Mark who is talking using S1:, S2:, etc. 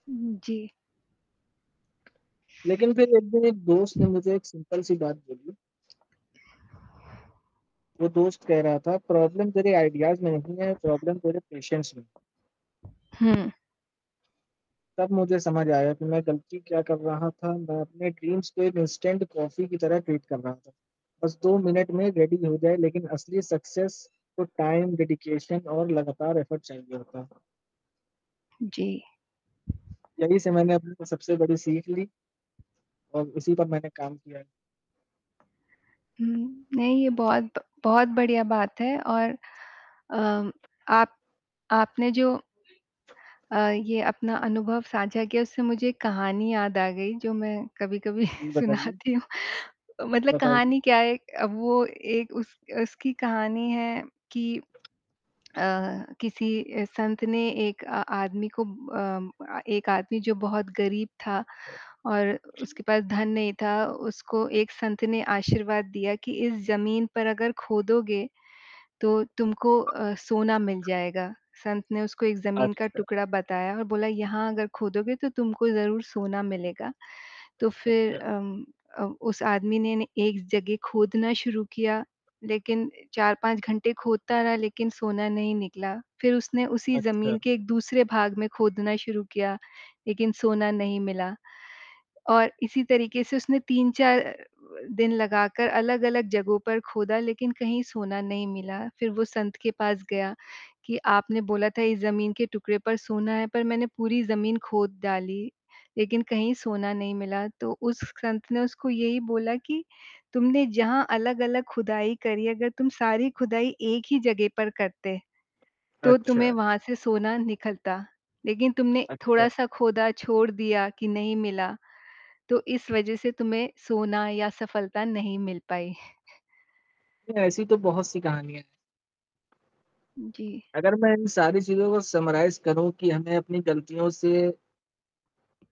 S1: हुँ, हुँ, जी।
S2: लेकिन फ़िर एक दिन एक दोस्त ने मुझे एक सिंपल सी बात बोली। वो दोस्त कह रहा था प्रॉब्लम तेरे आइडियाज़ में नहीं है, प्रॉब्लम तेरे पेशेंस में है।
S1: हाँ।
S2: तब मुझे समझ आया कि मैं गलती क्या कर रहा था, मैं अपने ड्रीम्स को एक इंस्टेंट कॉफ़ी की तरह ट्रीट कर रहा था, बस 2 मिनट में रेडी हो जाए, लेकिन असली सक्सेस को टाइम डेडिकेशन और लगातार एफर्ट चाहिए होता है।
S1: जी।
S2: यही से मैंने अपनी सबसे बड़ी सीख ली। और उसी पर मैंने काम किया है।
S1: हुँ। नहीं, ये बहुत बहुत बढ़िया बात है और अ, आप आपने जो अ, ये अपना अनुभव साझा किया उससे मुझे एक कहानी याद आ गई जो मैं कभी-कभी
S2: हुँ, बताइए?
S1: सुनाती हूँ। मतलब
S2: बताइए?
S1: कहानी क्या है वो एक उस उसकी कहानी है कि अ, किसी ए संत ने एक आ आदमी को म म एक आदमी जो बहुत गरीब था और उसके पास धन नहीं था, उसको एक संत ने आशीर्वाद दिया कि, "इस ज़मीन पर अगर खोदोगे तो तुमको अ, सोना मिल जाएगा।" संत ने उसको एक ज़मीन का
S2: अच्छा।
S1: टुकड़ा बताया और बोला यहाँ अगर खोदोगे, तो तुमको ज़रूर सोना मिलेगा। तो फ़िर
S2: अच्छा।
S1: अम अ, उस आदमी ने एक जगह खोदना शुरू किया लेकिन 4-5 घंटे खोदता रहा लेकिन सोना नहीं निकला, फ़िर उसने उसी
S2: अच्छा।
S1: ज़मीन के एक दूसरे भाग में खोदना शुरू किया लेकिन सोना नहीं मिला और इसी तरीके से उसने 3-4 दिन लगाकर अलग-अलग जगहों पर खोदा लेकिन कहीं सोना नहीं मिला, फिर वो संत के पास गया कि आपने बोला था इस जमीन के टुकड़े पर सोना है पर मैंने पूरी ज़मीन खोद डाली लेकिन कहीं सोना नहीं मिला, तो उस संत ने उसको यही बोला कि तुमने जहाँ अलग-अलग खुदाई करी, अगर तुम सारी खुदाई एक ही जगह पर करते तो तुम्हें
S2: अच्छा।
S1: वहाँ से सोना निकलता, लेकिन तुमने
S2: अच्छा।
S1: थोड़ा-सा खोदा छोड़ दिया कि नहीं मिला, तो इस वज़ह से तुम्हे सोना या सफलता नहीं मिल पाई।
S2: ऐसी तो बहुत-सी कहानियाँ हैं।
S1: जी।
S2: अगर मैं इन सारी चीज़ों को समराइज़ करूँ कि हमें अपनी गलतियों से